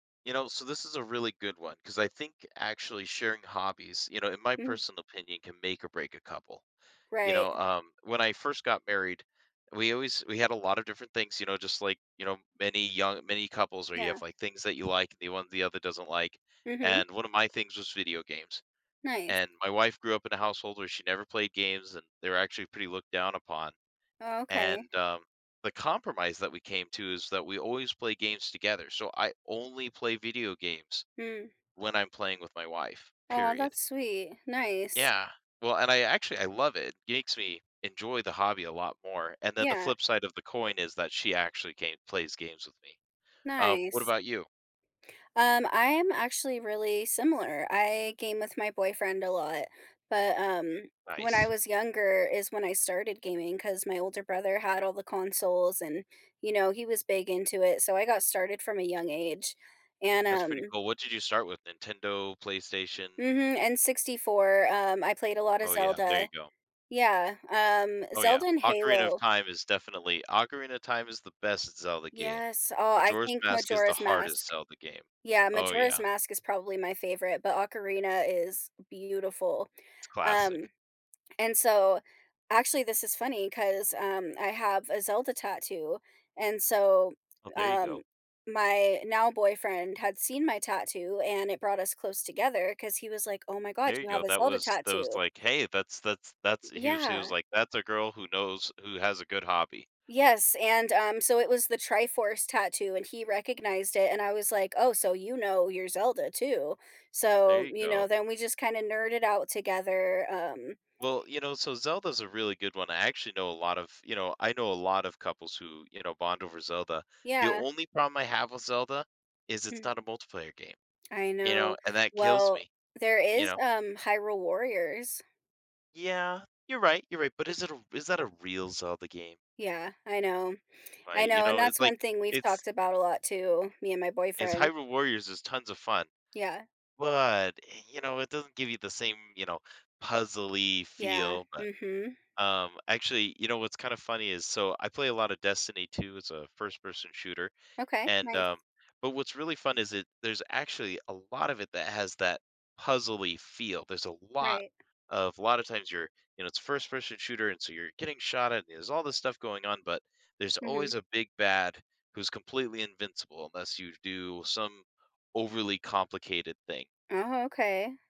You know, so, this is a really good one 'cause, I think, actually sharing hobbies, you know, in my Mm. personal opinion, can make or break a couple. You Right. know, um, when I first got married, we always we had a lot of different things, you know, just like, you know, many young many couples where you have Yeah. things that you like and the other doesn't like. Mhm. And, one of my things was video games. Nice. And, my wife grew up in a household where she never played games and they're, actually, pretty looked down upon. Oh, okay. And, um, the compromise that we came to is that we always play games together, so I only play video games Mm. when I'm playing with my wife, Aw, period. that's sweet, nice. Yeah. Well, and I actually I love it, gakes me enjoy the hobby a lot more. And then, the Yeah. flip side of the coin is that she actually game plays games with me. Um, what Nice. about you? Um, I am actually really similar, I game with my boyfriend a lot. But, um, when I Nice. was younger is when I started gaming, 'cause my older brother had all the consoles and, you know, he was big into it, so I got started from a young age and, That's pretty um cool, what did you start with? Nintendo? PlayStation? Mhm, N64, um, I played a lot of Oh, yeah, there Zelda. you go. Yeah, um, Oh, yeah, Zelda and Ocarina of Halo Time is definitely Ocarina of Time is the best Zelda game. Yes, oh, I Majora's think Mask is the Majora's hardest Mask. Zelda game. Yeah, Oh, Majora's yeah. Mask is probably my favorite, but Ocarina is beautiful, It's um, classic. and so actually, this is funny 'cause, um, I have a Zelda tattoo. And so, Oh, there you go. um, my now-boyfriend had seen my tattoo and it brought us close together 'cause he was like, "Oh my god, There you you have go, a that Zelda was that was tattoo." like, "Hey, that's that's Y that's" he was he was yeah. like, "That's a girl who knows who has a good hobby." Yes, and, um, so it was the Triforce tattoo and he recognized it, and I was like, "Oh, so you know your Zelda, too?" There So, you you go. know, then we just kind of nerded out together, um Well, you know, so Zelda's a really good one, I actually know a lot of you know, I know a lot of couples who, you know, bond over Zelda. The Yeah. only problem I have with Zelda is it's Mm. not a multiplayer game, I you know, know? And that kills well, me, there you is, know? um, Hyrule Warriors. Yeah, you're right, you're right, but is it a r is that a real Zelda game? Yeah, I know. I Right, you know, and know, that's it's like, one thing we've it’s talked about a lot too- me and my is, boyfriend. Hyrule Warriors is tons of fun, Yeah. but, eh, you know, it doesn't give you the same, you know, puzzle-y Yeah, feel but, mhm. um, actually, you know, what's kinda funny is so, I play a lot of Destiny 2 as a first-person shooter, Okay, and, nice. um but, what's really fun is it there's actually a lot of it that has that puzzle-y feel, there's a lot Right. of a lot of times you're, you know, it's first-person shooter, and, so, you're getting shot at it, and there's all this stuff going on, but there's Mhm. always a "big-bad" who's completely invincible unless you do some overly complicated thing. Oh, okay.